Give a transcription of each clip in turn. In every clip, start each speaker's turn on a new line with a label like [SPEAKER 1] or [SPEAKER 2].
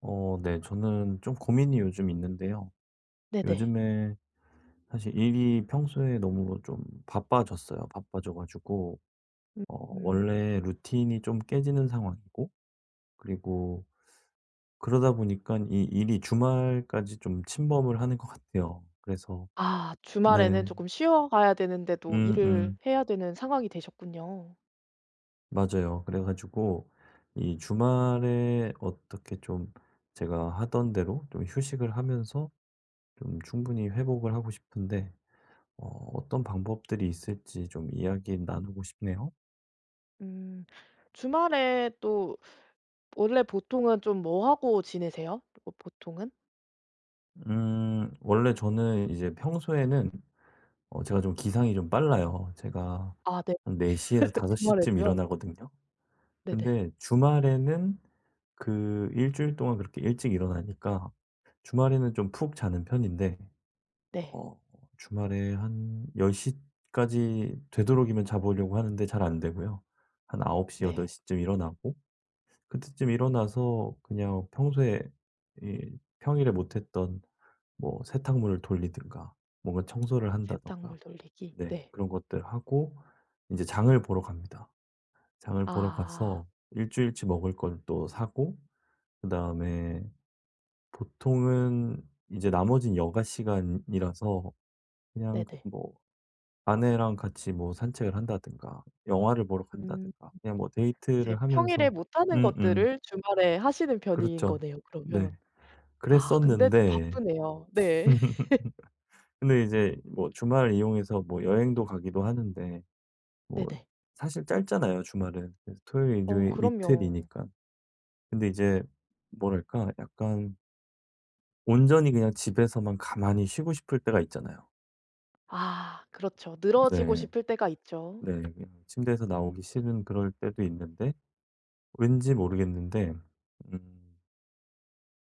[SPEAKER 1] 어 네. 저는 좀 고민이 요즘 있는데요.
[SPEAKER 2] 네네.
[SPEAKER 1] 요즘에 사실 일이 평소에 너무 좀 바빠졌어요. 바빠져 가지고 어
[SPEAKER 2] 음.
[SPEAKER 1] 원래 루틴이 좀 깨지는 상황이고 그리고 그러다 보니깐 이 일이 주말까지 좀 침범을 하는 것 같아요. 그래서
[SPEAKER 2] 아. 주말에는
[SPEAKER 1] 네.
[SPEAKER 2] 쪼끔 쉬어가야 되는데도
[SPEAKER 1] 음
[SPEAKER 2] 일을
[SPEAKER 1] 음.
[SPEAKER 2] 해야 되는 상황이 되셨군요.
[SPEAKER 1] 맞아요. 그래 가지고 이 주말에 어떻게 좀 제가 하던 대로 좀 휴식을 하면서 좀 충분히 회복을 하고 싶은데 어 어떤 방법들이 있을지 좀 이야기 나누고 싶네요.
[SPEAKER 2] 음. 주말에 또 원래 보통은 좀 뭐 하고 지내세요? 보 보통은?
[SPEAKER 1] 음. 원래 저는 이제 평소에는 어 제가 좀 기상이 좀 빨라요. 제가
[SPEAKER 2] 아 네.
[SPEAKER 1] 한 4 시에서 5 시쯤
[SPEAKER 2] 주말에도요?
[SPEAKER 1] 일어나거든요.
[SPEAKER 2] 네네.
[SPEAKER 1] 근데 주말에는 그 1 주일 동안 그렇게 일찍 일어나니까 주말에는 좀 푹 자는 편인데
[SPEAKER 2] 네.
[SPEAKER 1] 어 주말에 한 10 시까지 되도록이면 자 보려고 하는데 잘 안 되고요. 한 9 시, 8
[SPEAKER 2] 네.
[SPEAKER 1] 시쯤에 일어나고 그때쯤 일어나서 그냥 평소에 이 평일에 못했던 뭐 세탁물을 돌리든가 뭔가 청소를 한다든가
[SPEAKER 2] 세탁물 돌리기?
[SPEAKER 1] 네
[SPEAKER 2] 네.
[SPEAKER 1] 그런 것들 하고 이제 장을 보러 갑니다. 장을 보러
[SPEAKER 2] 아.
[SPEAKER 1] 가서 1 주일치 먹을 걸 또 사고 그다음에 보통은 이제 나머지는 여가 시간이라서 그냥 그
[SPEAKER 2] 네네.
[SPEAKER 1] 뭐 아내랑 같이 뭐 산책을 한다든가 영화를 보러
[SPEAKER 2] 음.
[SPEAKER 1] 간다든가 그냥 뭐
[SPEAKER 2] 이제
[SPEAKER 1] 데이트를
[SPEAKER 2] 평일에
[SPEAKER 1] 하면서
[SPEAKER 2] 못하는
[SPEAKER 1] 음음.
[SPEAKER 2] 것들을 주말에 하시는 편인
[SPEAKER 1] 그렇죠.
[SPEAKER 2] 거네요
[SPEAKER 1] 네.
[SPEAKER 2] 그러면. 아 근데 좀
[SPEAKER 1] 그랬었는데
[SPEAKER 2] 바쁘네요. 네.
[SPEAKER 1] 근데 이제 뭐 주말 이용해서 뭐 여행도 가기도 하는데 뭐
[SPEAKER 2] 네네.
[SPEAKER 1] 사실 짧잖아요 주말은. 그래서 토요일,
[SPEAKER 2] 어
[SPEAKER 1] 일요일
[SPEAKER 2] 그럼요.
[SPEAKER 1] 이틀이니까. 근데 이제 뭐랄까? 약간 온전히 그냥 집에서만 가만히 쉬고 싶을 때가 있잖아요.
[SPEAKER 2] 아. 그렇죠. 늘어지고
[SPEAKER 1] 네.
[SPEAKER 2] 싶을 때가 있죠.
[SPEAKER 1] 네 그냥 침대에서 나오기 싫은 그럴 때도 있는데 왠지 모르겠는데 음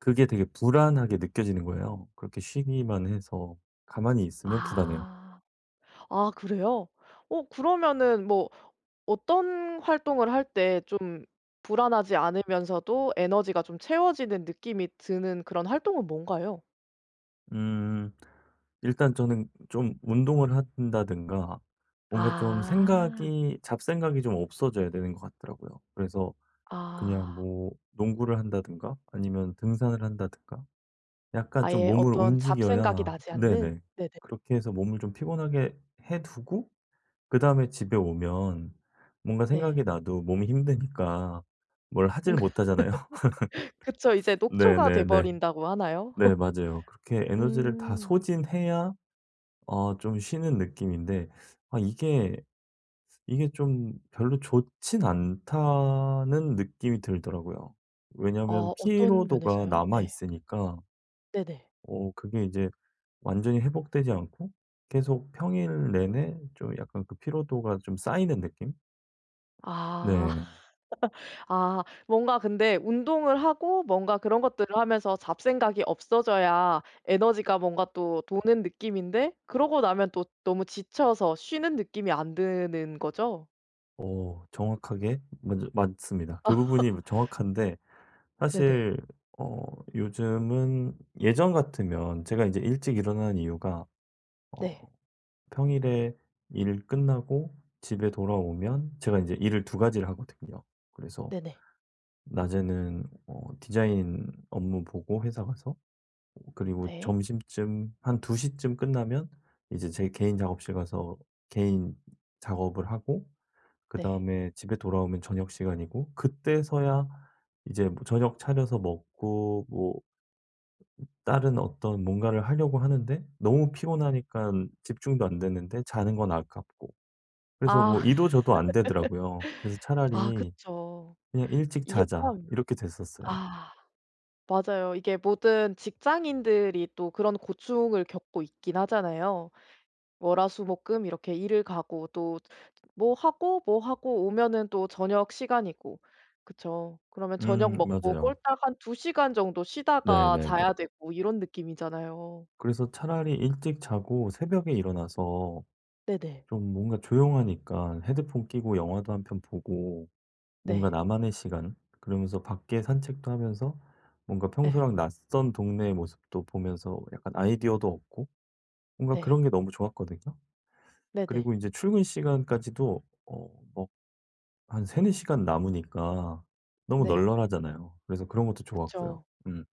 [SPEAKER 1] 그게 되게 불안하게 느껴지는 거예요. 그렇게 쉬기만 해서 가만히 있으면 불안해요.
[SPEAKER 2] 아. 아 그래요? 어 그러면은 뭐 어떤 활동을 할 때 좀 불안하지 않으면서도 에너지가 좀 채워지는 느낌이 드는 그런 활동은 뭔가요?
[SPEAKER 1] 음음 일단 저는 좀 운동을 한다든가 뭔가 좀
[SPEAKER 2] 아.
[SPEAKER 1] 생각이 잡생각이 좀 없어져야 되는 것 같더라고요. 그래서 그냥
[SPEAKER 2] 아.
[SPEAKER 1] 뭐 농구를 한다든가 아니면 등산을 한다든가 약간 좀
[SPEAKER 2] 아예
[SPEAKER 1] 몸을
[SPEAKER 2] 어떤 잡생각이
[SPEAKER 1] 움직여야
[SPEAKER 2] 나지
[SPEAKER 1] 네네.
[SPEAKER 2] 않는? 네네.
[SPEAKER 1] 그렇게 해서 몸을 좀 피곤하게 해 두고 그다음에 집에 오면 뭔가
[SPEAKER 2] 네.
[SPEAKER 1] 생각이 나도 몸이 힘드니까 뭘
[SPEAKER 2] 음.
[SPEAKER 1] 하질 못하잖아요.
[SPEAKER 2] 그쵸. 이제 녹초가 돼
[SPEAKER 1] 네네네.
[SPEAKER 2] 버린다고 하나요?
[SPEAKER 1] 네 맞아요. 그렇게 에너지를 다
[SPEAKER 2] 음.
[SPEAKER 1] 소진해야 아 좀 쉬는 느낌인데 아 이게 이게 좀 '별로 좋지는 않다.'는 느낌이 들더라고요.
[SPEAKER 2] 어.
[SPEAKER 1] 왜냐하면
[SPEAKER 2] 어떤
[SPEAKER 1] 피로도가
[SPEAKER 2] 면에서요?
[SPEAKER 1] 남아
[SPEAKER 2] 네.
[SPEAKER 1] 있으니까
[SPEAKER 2] 네네.
[SPEAKER 1] 어 그게 이제 완전히 회복되지 않고 계속 평일 내내 좀 약간 그 피로도가 좀 쌓이는 느낌?
[SPEAKER 2] 아.
[SPEAKER 1] 네.
[SPEAKER 2] 아. 뭔가 근데 운동을 하고 뭔가 그런 것들을 하면서 잡생각이 없어져야 에너지가 뭔가 또 도는 느낌인데 그러고 나면 또 너무 지쳐서 쉬는 느낌이 안 드는 거죠?
[SPEAKER 1] 어. 정확하게 먼저 맞습니다. 그 부분이 뭐 정확한데
[SPEAKER 2] 네네.
[SPEAKER 1] 사실 어 요즘은 예전 같으면 제가 인제 일찍 일어나는 이유가 어
[SPEAKER 2] 네.
[SPEAKER 1] 평일에 일 끝나고 집에 돌아오면 제가 인제 일을 2 가지를 하거든요. 그래서
[SPEAKER 2] 네네.
[SPEAKER 1] 낮에는 어 디자인 업무 보고 회사 가서 오 그리고
[SPEAKER 2] 네.
[SPEAKER 1] 점심쯤 한 2 시쯤 끝나면 이제 제 개인 작업실 가서 개인 작업을 하고
[SPEAKER 2] 네.
[SPEAKER 1] 그다음에 집에 돌아오면 저녁 시간이고 그때서야 이제 뭐 저녁 차려서 먹고 뭐 음 다른 어떤 뭔가를 하려고 하는데 너무 피곤하니깐 집중도 안 되는데 자는 건 아깝고. 그래서
[SPEAKER 2] 아.
[SPEAKER 1] 뭐 이도 저도 안 되더라고요. 그래서
[SPEAKER 2] 아
[SPEAKER 1] 차라리
[SPEAKER 2] 그쵸.
[SPEAKER 1] "그냥 일찍
[SPEAKER 2] 이게
[SPEAKER 1] 자자."
[SPEAKER 2] 참
[SPEAKER 1] 이렇게 됐었어요.
[SPEAKER 2] 아. 맞아요. 이게 모든 직장인들이 또 그런 고충을 겪고 있긴 하잖아요. 월, 화, 수, 목, 금 이렇게 일을 가고 또 뭐 하고, 뭐 하고 오면은 또 저녁 시간이고 그쵸. 그러면 저녁
[SPEAKER 1] 음.
[SPEAKER 2] 먹고
[SPEAKER 1] 맞아요.
[SPEAKER 2] 꼴딱 한 2 시간 정도 쉬다가
[SPEAKER 1] 네네네.
[SPEAKER 2] 자야 되고 이런 느낌이잖아요.
[SPEAKER 1] 그래서 차라리 일찍 자고 새벽에 일어나서
[SPEAKER 2] 네네.
[SPEAKER 1] 좀 뭔가 조용하니까 헤드폰 끼고 영화도 1 편 보고 뭔가
[SPEAKER 2] 네.
[SPEAKER 1] '나만의 시간.' 그러면서 밖에 산책도 하면서 뭔가
[SPEAKER 2] 예.
[SPEAKER 1] 평소랑 낯선 동네의 모습도 보면서 약간 아이디어도 얻고 뭔가
[SPEAKER 2] 네.
[SPEAKER 1] 그런 게 너무 좋았거든요.
[SPEAKER 2] 네네.
[SPEAKER 1] 그리고 인제 출근 시간까지도 어 뭐 한 3-4 시간 남으니까 너무
[SPEAKER 2] 네.
[SPEAKER 1] 널널하잖아요. 그래서 그런 것도 좋았고요.
[SPEAKER 2] 그쵸.
[SPEAKER 1] 음.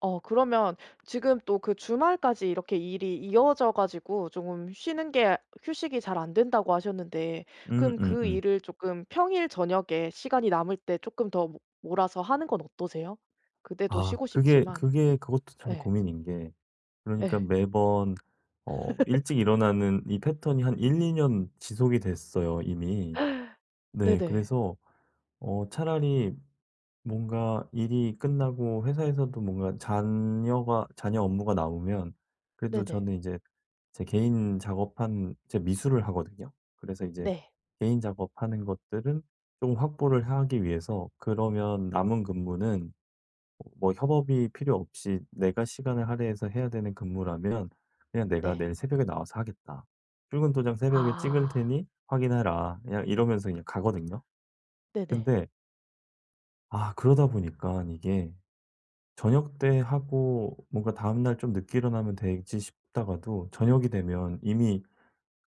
[SPEAKER 2] 어 그러면 지금 또 그 "주말까지 이렇게 일이 이어져 가지고 쪼금 쉬는 게 휴식이 잘 안된다."고 하셨는데
[SPEAKER 1] 음
[SPEAKER 2] 그럼
[SPEAKER 1] 음
[SPEAKER 2] 그
[SPEAKER 1] 음.
[SPEAKER 2] 일을 쪼끔 평일 저녁에 시간이 남을 때 쪼끔 더 모 몰아서 하는 건 어떠세요? 그때도
[SPEAKER 1] 아
[SPEAKER 2] 쉬고
[SPEAKER 1] 그게
[SPEAKER 2] 싶지만.
[SPEAKER 1] 그게 그것도 참
[SPEAKER 2] 예.
[SPEAKER 1] 고민인 게 그러니까
[SPEAKER 2] 예.
[SPEAKER 1] 매번 어 일찍 일어나는 이 패턴이 한 1-2 년 지속이 됐어요 이미. 네
[SPEAKER 2] 네네.
[SPEAKER 1] 그래서 어 차라리 뭔가 일이 끝나고 회사에서도 뭔가 잔여가 잔여 업무가 나오면 그래도
[SPEAKER 2] 네네.
[SPEAKER 1] 저는 이제 제 개인 작업한 제 미술을 하거든요. 그래서 이제
[SPEAKER 2] 네.
[SPEAKER 1] 개인 작업하는 것들을 조금 확보를 하기 위해서 그러면 남은 근무는 뭐 협업이 필요 없이 내가 시간을 할애해서 해야 되는 근무라면 그냥 "내가
[SPEAKER 2] 네.
[SPEAKER 1] 내일 새벽에 나와서 하겠다. 출근 도장 새벽에 찍을
[SPEAKER 2] 아.
[SPEAKER 1] 테니 확인해라." 그냥 이러면서 그냥 가거든요.
[SPEAKER 2] 네네.
[SPEAKER 1] 근데 아 그러다 보니깐 이게 '저녁때 하고 뭔가 다음 날 좀 늦게 일어나면 되지.' 싶다가도 저녁이 되면 이미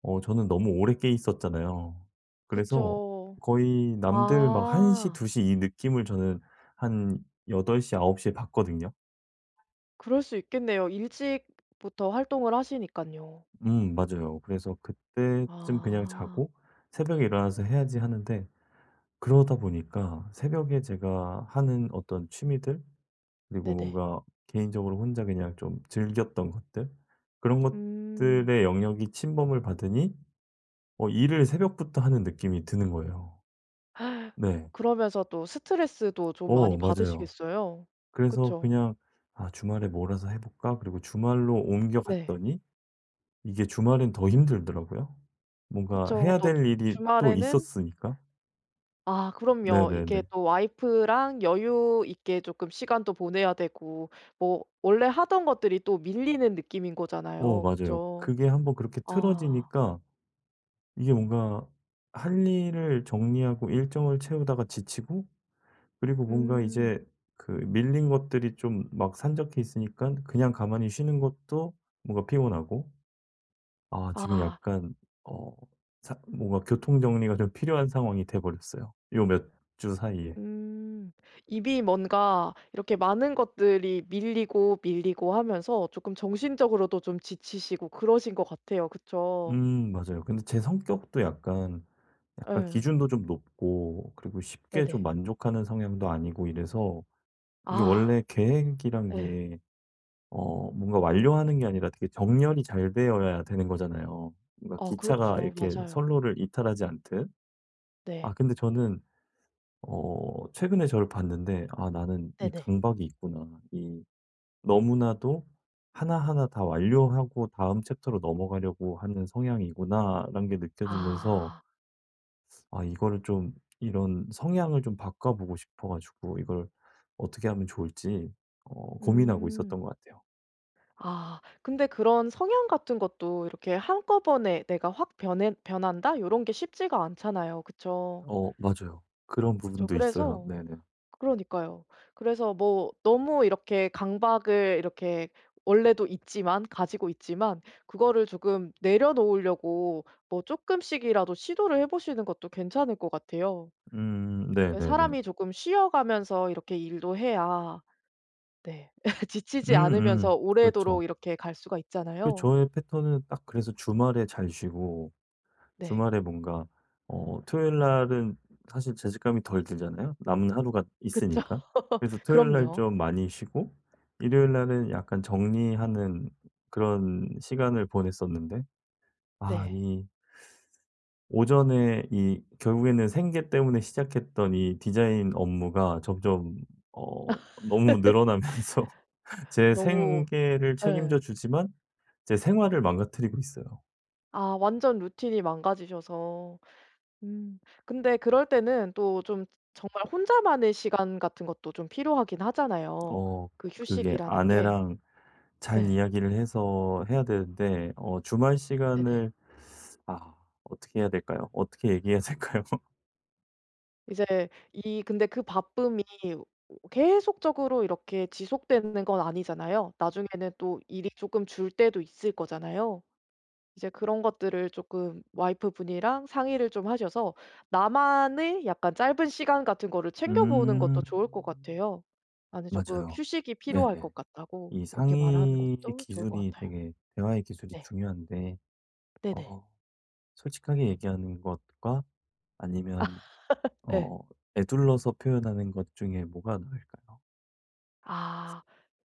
[SPEAKER 1] 어 저는 너무 오래 깨 있었잖아요. 그래서
[SPEAKER 2] 그쵸.
[SPEAKER 1] 거의 남들 막 1 시
[SPEAKER 2] 아.
[SPEAKER 1] 2 시 이 느낌을 저는 한 8 시 9 시에 받거든요.
[SPEAKER 2] 그럴 수 있겠네요. 일찍부터 활동을 하시니깐요.
[SPEAKER 1] 음. 맞아요. 그래서 '그때쯤 그냥
[SPEAKER 2] 아.
[SPEAKER 1] 자고 새벽에 일어나서 해야지.' 하는데 그러다 보니까 새벽에 제가 하는 어떤 취미들 그리고
[SPEAKER 2] 네네.
[SPEAKER 1] 뭔가 개인적으로 혼자 그냥 좀 즐겼던 것들 그런
[SPEAKER 2] 음.
[SPEAKER 1] 것들의 영역이 침범을 받으니 어 일을 새벽부터 하는 느낌이 드는 거예요 네.
[SPEAKER 2] 그러면서 또 스트레스도 좀
[SPEAKER 1] 어.
[SPEAKER 2] 많이
[SPEAKER 1] 맞아요.
[SPEAKER 2] 받으시겠어요.
[SPEAKER 1] 그래서
[SPEAKER 2] 그쵸?
[SPEAKER 1] 그냥 '아 주말에 몰아서 해 볼까?' 그리고 주말로 옮겨
[SPEAKER 2] 네.
[SPEAKER 1] 갔더니 이게 주말엔 더 힘들더라고요. 뭔가
[SPEAKER 2] 그쵸.
[SPEAKER 1] 해야
[SPEAKER 2] 또 주
[SPEAKER 1] 될 일이 또
[SPEAKER 2] 주말에는
[SPEAKER 1] 있었으니까.
[SPEAKER 2] 아 그럼요. 이렇게
[SPEAKER 1] 네네네.
[SPEAKER 2] 또 와이프랑 여유 있게 쪼끔 시간도 보내야 되고 뭐 원래 하던 것들이 또 밀리는 느낌인
[SPEAKER 1] 어
[SPEAKER 2] 거잖아요.
[SPEAKER 1] 맞아요.
[SPEAKER 2] 그쵸?
[SPEAKER 1] 그게 1 번 그렇게
[SPEAKER 2] 아.
[SPEAKER 1] 틀어지니까 이게 뭔가 할 일을 정리하고 일정을 채우다가 지치고 그리고 뭔가
[SPEAKER 2] 음.
[SPEAKER 1] 이제 그 밀린 것들이 좀 막 산적해 있으니깐 그냥 가만히 쉬는 것도 뭔가 피곤하고 아 지금
[SPEAKER 2] 아.
[SPEAKER 1] 약간 어 사 뭔가 교통정리가 좀 필요한 상황이 돼 버렸어요, 요 몇 주 사이에.
[SPEAKER 2] 음. 이미 뭔가 이렇게 많은 것들이 밀리고, 밀리고 하면서 조금 정신적으로도 좀 지치시고 그러신 것 같아요. 그쵸?
[SPEAKER 1] 음 맞아요. 근데 제 성격도 약간, 약간
[SPEAKER 2] 예.
[SPEAKER 1] 기준도 좀 높고 그리고 쉽게 좀
[SPEAKER 2] 네네.
[SPEAKER 1] 만족하는 성향도 아니고 이래서 이게
[SPEAKER 2] 아.
[SPEAKER 1] 원래 계획이란
[SPEAKER 2] 예.
[SPEAKER 1] 게 어 뭔가 완료하는 게 아니라 되게 정렬이 잘 되어야 되는 거잖아요. 뭔가
[SPEAKER 2] 어
[SPEAKER 1] 기차가
[SPEAKER 2] 그렇죠.
[SPEAKER 1] 이렇게
[SPEAKER 2] 맞아요.
[SPEAKER 1] 선로를 이탈하지 않듯.
[SPEAKER 2] 네.
[SPEAKER 1] 아 근데 저는 어 최근에 저를 봤는데 '아 나는 이
[SPEAKER 2] 네네.
[SPEAKER 1] 강박이 있구나. 이 너무나도 하나하나 다 완료를 하고 다음 챕터로 넘어가려고 하는 성향이구나.'라는 게 느껴지면서
[SPEAKER 2] 아.
[SPEAKER 1] 아 이거를 좀 이런 성향을 좀 바꿔 보고 싶어 가지고 이걸 어떻게 하면 좋을지 어 고민하고
[SPEAKER 2] 음.
[SPEAKER 1] 있었던 것 같아요.
[SPEAKER 2] 아. 근데 그런 성향 같은 것도 이렇게 한꺼번에 '내가 확 변해 변한다.' 요런 게 쉽지가 않잖아요. 그쵸?
[SPEAKER 1] 어 맞아요. 그런
[SPEAKER 2] 그쵸.
[SPEAKER 1] 부분도 있어요.
[SPEAKER 2] 그래서
[SPEAKER 1] 네네.
[SPEAKER 2] 그러니까요. 그래서 뭐 너무 이렇게 강박을 이렇게 원래도 있지만, 가지고 있지만 그거를 조금 내려놓으려고 뭐 조금씩이라도 시도를 해 보시는 것도 괜찮을 것 같아요.
[SPEAKER 1] 음.
[SPEAKER 2] 왜
[SPEAKER 1] 네네네.
[SPEAKER 2] 사람이 조금 쉬어가면서 이렇게 일도 해야 네, 지치지
[SPEAKER 1] 음음.
[SPEAKER 2] 않으면서
[SPEAKER 1] 그렇죠.
[SPEAKER 2] 오래도록 이렇게 갈 수가
[SPEAKER 1] 그
[SPEAKER 2] 있잖아요.
[SPEAKER 1] 저의 패턴은 딱 그래서 주말에 잘 쉬고
[SPEAKER 2] 네.
[SPEAKER 1] 주말에 뭔가 어 토요일 날은 사실 죄책감이 덜 들잖아요 남은 하루가
[SPEAKER 2] 그쵸.
[SPEAKER 1] 있으니까. 그래서 토요일 날
[SPEAKER 2] 그럼요.
[SPEAKER 1] 좀 많이 쉬고 일요일 날은 약간 정리하는 그런 시간을 보냈었는데 아
[SPEAKER 2] 네.
[SPEAKER 1] 이 오전에 이 결국에는 생계 때문에 시작했던 이 디자인 업무가 점점 어 너무 늘어나면서 제
[SPEAKER 2] 너무
[SPEAKER 1] 생계를 책임져
[SPEAKER 2] 예.
[SPEAKER 1] 주지만 제 생활을 망가뜨리고 있어요.
[SPEAKER 2] 아 완전 루틴이 망가지셔서. 음. 근데 그럴 때는 또 좀 정말 혼자만의 시간 같은 것도 좀 필요하긴 하잖아요
[SPEAKER 1] 어.
[SPEAKER 2] 그
[SPEAKER 1] 그게
[SPEAKER 2] 휴식이라는 게.
[SPEAKER 1] 아내랑 잘
[SPEAKER 2] 예.
[SPEAKER 1] 이야기를 해서 해야 되는데 어 주말
[SPEAKER 2] 네네.
[SPEAKER 1] 시간을 아 어떻게 해야 될까요? 어떻게 얘기해야 될까요?
[SPEAKER 2] 이제 이 근데 그 바쁨이 오 계속적으로 이렇게 지속되는 건 아니잖아요. 나중에는 또 일이 쪼끔 줄 때도 있을 거잖아요? 이제 그런 것들을 쪼끔 와이프 분이랑 상의를 좀 하셔서 나만의 약간 짧은 시간 같은 거를 챙겨 보는
[SPEAKER 1] 음.
[SPEAKER 2] 것도 좋을 것 같아요. "나는 쪼끔
[SPEAKER 1] 맞아요.
[SPEAKER 2] 휴식이 필요할
[SPEAKER 1] 네네.
[SPEAKER 2] 것 같다."고
[SPEAKER 1] 이
[SPEAKER 2] 그렇게 말하는
[SPEAKER 1] 상의의
[SPEAKER 2] 것도 좋을 것
[SPEAKER 1] 기술이
[SPEAKER 2] 같아요.
[SPEAKER 1] 되게 대화의 기술이
[SPEAKER 2] 네.
[SPEAKER 1] 중요한데
[SPEAKER 2] 네네.
[SPEAKER 1] 어 솔직하게 얘기하는 것과
[SPEAKER 2] 아.
[SPEAKER 1] 아니면
[SPEAKER 2] 예.
[SPEAKER 1] 어 에둘러서 표현하는 것 중에 뭐가 나을까요?
[SPEAKER 2] 아.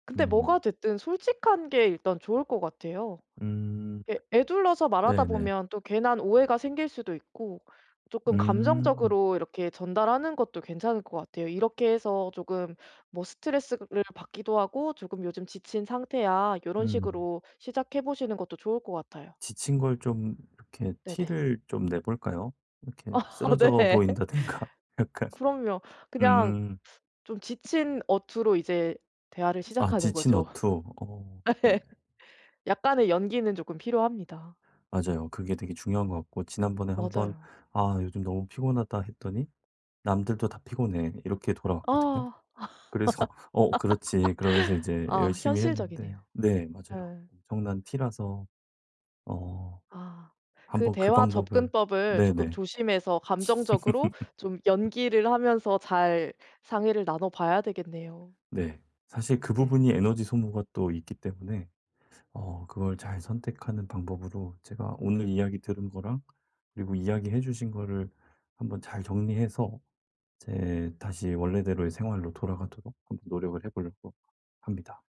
[SPEAKER 2] 근데 뭐가
[SPEAKER 1] 음.
[SPEAKER 2] 됐든 솔직한 게 일단 좋을 것 같아요.
[SPEAKER 1] 음.
[SPEAKER 2] 에 에둘러서 말하다
[SPEAKER 1] 네네.
[SPEAKER 2] 보면 또 괜한 오해가 생길 수도 있고 쪼끔
[SPEAKER 1] 음.
[SPEAKER 2] 감정적으로 이렇게 전달하는 것도 괜찮을 것 같아요. "이렇게 해서 쪼금 뭐 스트레스를 받기도 하고 쪼금 요즘 지친 상태야." 요런
[SPEAKER 1] 음.
[SPEAKER 2] 식으로 시작해 보시는 것도 좋을 것 같아요.
[SPEAKER 1] 지친 걸 좀 이렇게
[SPEAKER 2] 네네.
[SPEAKER 1] 티를 좀 내 볼까요? 이렇게
[SPEAKER 2] 아
[SPEAKER 1] 쓰러져
[SPEAKER 2] 네.
[SPEAKER 1] 보인다든가 약간.
[SPEAKER 2] 그럼요. 그냥
[SPEAKER 1] 음.
[SPEAKER 2] 좀 지친 어투로 이제 대화를
[SPEAKER 1] 아
[SPEAKER 2] 시작하는
[SPEAKER 1] 지친
[SPEAKER 2] 거죠.
[SPEAKER 1] 어투. 어. 네네.
[SPEAKER 2] 예. 약간의 연기는 쪼끔 필요합니다.
[SPEAKER 1] 맞아요. 그게 되게 중요한 것 같고 지난번에 한번
[SPEAKER 2] 맞아요.
[SPEAKER 1] "아 요즘 너무 피곤하다." 했더니 "남들도 다 피곤해." 이렇게 돌아왔거든요.
[SPEAKER 2] 아.
[SPEAKER 1] 그래서 "어 그렇지." 그러면서 이제
[SPEAKER 2] 아
[SPEAKER 1] 열심히 했는데
[SPEAKER 2] 현실적이네요.
[SPEAKER 1] 네 맞아요.
[SPEAKER 2] 네.
[SPEAKER 1] 엄청난 T라서 어
[SPEAKER 2] 아. 그
[SPEAKER 1] 한번 그
[SPEAKER 2] 대화
[SPEAKER 1] 방법을
[SPEAKER 2] 접근법을 쪼끔
[SPEAKER 1] 네네.
[SPEAKER 2] 조심해서 감정적으로 좀 연기를 하면서 잘 상의를 나눠 봐야 되겠네요.
[SPEAKER 1] 네. 사실 그
[SPEAKER 2] 네.
[SPEAKER 1] 부분이 에너지 소모가 또 있기 때문에 어 그걸 잘 선택하는 방법으로 제가 오늘 이야기 들은 거랑 그리고 이야기 해 주신 거를 한번 잘 정리해서 제 다시 원래대로의 생활로 돌아가도록 한번 노력을 해 보려고 합니다.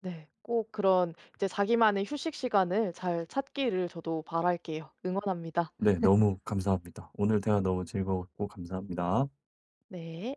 [SPEAKER 2] 네. 꼭 그런 이제 자기만의 휴식 시간을 잘 찾기를 저도 바랄게요. 응원합니다.
[SPEAKER 1] 네. 너무 감사합니다. 오늘 대화 너무 즐거웠고 감사합니다.
[SPEAKER 2] 네.